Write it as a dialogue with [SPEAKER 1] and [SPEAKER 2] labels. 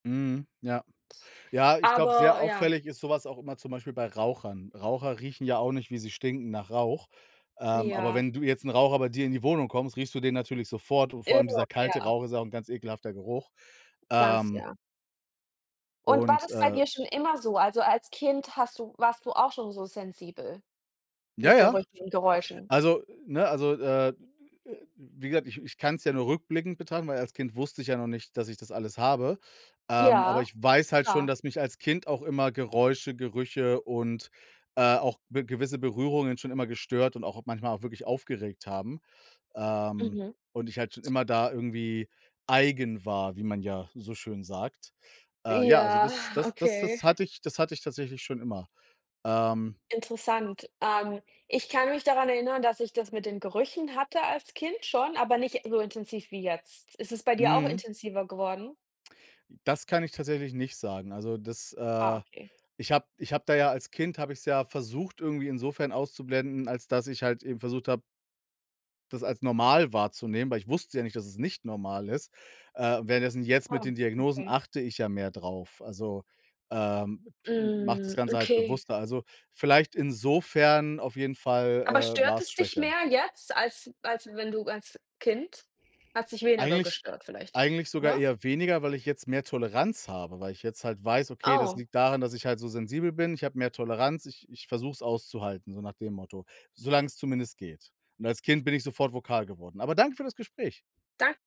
[SPEAKER 1] Mhm, ja. Ja, ich glaube, sehr
[SPEAKER 2] Aber ja.
[SPEAKER 1] auffällig ist so was auch immer zum Beispiel bei Rauchern. Raucher riechen ja auch nicht, wie sie stinken nach Rauch. Ähm, aber
[SPEAKER 2] Ja.
[SPEAKER 1] wenn du jetzt 'n Raucher bei dir in die Wohnung kommst, riechst du den natürlich sofort und vor allem dieser
[SPEAKER 2] [unintelligible]
[SPEAKER 1] kalte
[SPEAKER 2] Ja.
[SPEAKER 1] Rauch ist ja auch 'n ganz ekelhafter Geruch.
[SPEAKER 2] Ganz,
[SPEAKER 1] Ähm.
[SPEAKER 2] ja. Und war
[SPEAKER 1] Und,
[SPEAKER 2] das bei
[SPEAKER 1] äh.
[SPEAKER 2] dir schon immer so? Also, als Kind hast du warst du auch schon so sensibel
[SPEAKER 1] Ja,
[SPEAKER 2] mit
[SPEAKER 1] ja.
[SPEAKER 2] Gerüchen und Geräuschen?
[SPEAKER 1] Also, ne? Also, äh, wie gesagt, ich ich kann es ja nur rückblickend betrachten, weil als Kind wusste ich ja noch nicht, dass ich das alles habe. Ähm, aber
[SPEAKER 2] Ja,
[SPEAKER 1] ich weiß halt schon,
[SPEAKER 2] klar.
[SPEAKER 1] dass mich als Kind auch immer Geräusche, Gerüche und, äh, auch be gewisse Berührungen schon immer gestört und auch manchmal auch wirklich aufgeregt haben, ähm,
[SPEAKER 2] Mhm.
[SPEAKER 1] und ich halt schon immer da irgendwie eigen war, wie man ja so schön sagt.
[SPEAKER 2] Ja,
[SPEAKER 1] Äh, ja, also das das das
[SPEAKER 2] okay.
[SPEAKER 1] das hatte ich das hatte ich tatsächlich schon immer. Ähm.
[SPEAKER 2] Interessant. Ähm, ich kann mich daran erinnern, dass ich das mit den Gerüchen hatte als Kind schon, aber nicht so intensiv wie jetzt. Ist es bei dir auch
[SPEAKER 1] Mhm.
[SPEAKER 2] intensiver geworden?
[SPEAKER 1] Das kann ich tatsächlich nicht sagen. Also, das,
[SPEAKER 2] Ah,
[SPEAKER 1] äh,
[SPEAKER 2] okay.
[SPEAKER 1] ich habe ich habe da ja als Kind habe ich's ja versucht irgendwie insofern auszublenden, als dass ich halt eben versucht habe das als normal wahrzunehmen, weil ich wusste ja nicht, dass es nicht normal ist. Äh, währenddessen jetzt mit
[SPEAKER 2] Ah,
[SPEAKER 1] den Diagnosen
[SPEAKER 2] okay.
[SPEAKER 1] achte ich ja mehr drauf. Also, ähm, mache das
[SPEAKER 2] Hm,
[SPEAKER 1] Ganze halt
[SPEAKER 2] okay.
[SPEAKER 1] bewusster. Also, vielleicht insofern auf jeden
[SPEAKER 2] Aber
[SPEAKER 1] Fall, äh, war
[SPEAKER 2] stört
[SPEAKER 1] es
[SPEAKER 2] es dich
[SPEAKER 1] schwächer.
[SPEAKER 2] mehr jetzt, als als wenn du als Kind, hat's dich weniger
[SPEAKER 1] Eigentlich
[SPEAKER 2] gestört vielleicht,
[SPEAKER 1] eigentlich sogar
[SPEAKER 2] oder?
[SPEAKER 1] eher weniger, weil ich jetzt mehr Toleranz habe, weil ich jetzt halt weiß, okay, das
[SPEAKER 2] Oh.
[SPEAKER 1] liegt daran, dass ich halt so sensibel bin. Ich habe mehr Toleranz. Ich ich versuche es auszuhalten, so nach dem Motto, solang's zumindest geht. Und als Kind bin ich sofort vokal geworden. Aber danke für das Gespräch.
[SPEAKER 2] Dan